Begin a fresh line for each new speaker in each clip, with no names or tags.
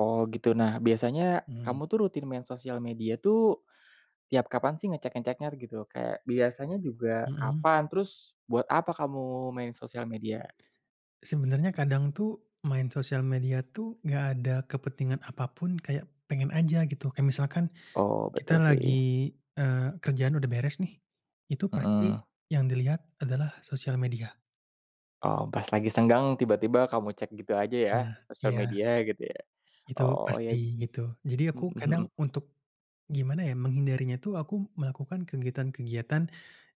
Oh, gitu. Nah biasanya,
Mhm.
kamu tuh rutin main sosial media tuh, tiap kapan sih ngecek-ngeceknya gitu? Kayak, biasanya juga
Mhm.
kapan? Terus, buat apa kamu main sosial media?
Sebenarnya kadang tuh, main sosial media tuh, nggak ada kepentingan apa pun, kayak pengen aja gitu. Kayak misalkan,
Oh.
kita
Betul,
lagi,
sih.
eee, kerjaan udah beres nih. Itu pasti,
Mhm.
yang dilihat adalah sosial media.
Oh, pas lagi senggang, tiba-tiba kamu cek gitu aja, ya?
Nah,
Sosial
iya.
media, gitu ya.
Itu
Oh,
pasti,
yab
gitu. Jadi aku
mhm
kadang
mhm.
untuk gimana ya, menghindarinya itu, aku melakukan kegiatan-kegiatan,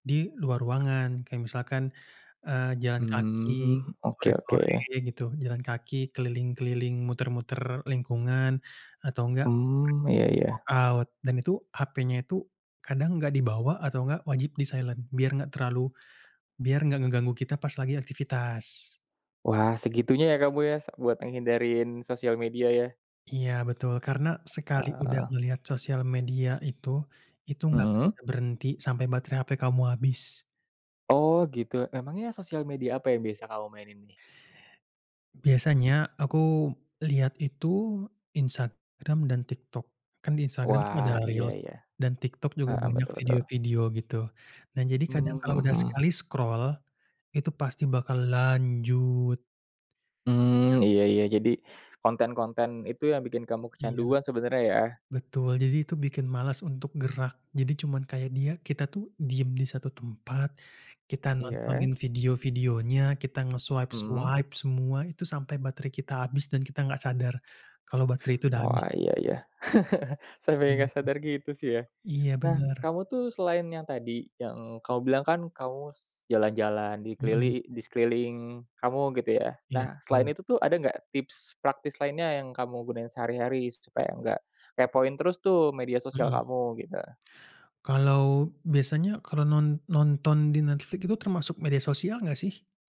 di luar ruangan. Kayak misalkan, eee, jalan kaki
Mmm. Oke oke.
sore-sore, gitu. Jalan kaki keliling-keliling, muter-muter lingkungan, atau enggak,
Mmm.
pergi
Iya iya.
workout. Dan itu, hapenya itu, kadang enggak dibawa atau enggak, wajib di-silent, biar enggak terlalu, biar enggak ngeganggu kita pas lagi aktivitas.
Wah, segitunya ya kamu ya sa buat ngehindarin sosial media, ya?
Iya, betul. Karena, sekali udah
Ah.
ngelihat sosial media itu itu nggak akan
Mhm.
bisa berhenti, sampai baterai hape kamu habis.
Oh, gitu. Emangnya sosial media apa yang biasa kamu mainin ini?
Biasanya, aku lihat itu, Instagram dan TikTok. Kan di Instagram tuh
Wah,
ada
iya
Reels
iya.
dan TikTok juga
Heeh,
banyak
betul betul.
video-video, gitu. Nah jadi kadang
Mhm
kalau udah
mhm.
sekali scroll, itu pasti bakal lanjut. Iya.
Mmm, Iya iya. Jadi, konten-konten itu, yang bikin kamu
Iya,
kecanduan sebenarnya, ya?
betul. Jadi itu bikin malas untuk gerak. Jadi cuman kayak dia kita tuh, diam di satu tempat, kita
Iya.
nontonin video-videonya, kita
Mhm.
nge-swipe-swipe semua, itu sampai baterai kita habis dan kita nggak sadar, kalau baterai itu udah habis.
Wah iya ya. Sampe
Mhm.
gak sadar gitu sih, ya.
Iya,
Nah,
bener.
kamu tuh selain yang tadi, yang kamu bilang kan, kamu s jalan-jalan di
Mhm.
kelili di sekeliling kamu, gitu ya?
Iya,
Nah, selain
betul.
itu tuh, ada nggak tips praktis lainnya, yang kamu gunain sehari-hari? Supaya nggak kepoin terus tuh media sosial
Mhm.
kamu, gitu.
Kalau biasanya, kalau non nonton di Netflix itu, termasuk media sosial nggak, sih?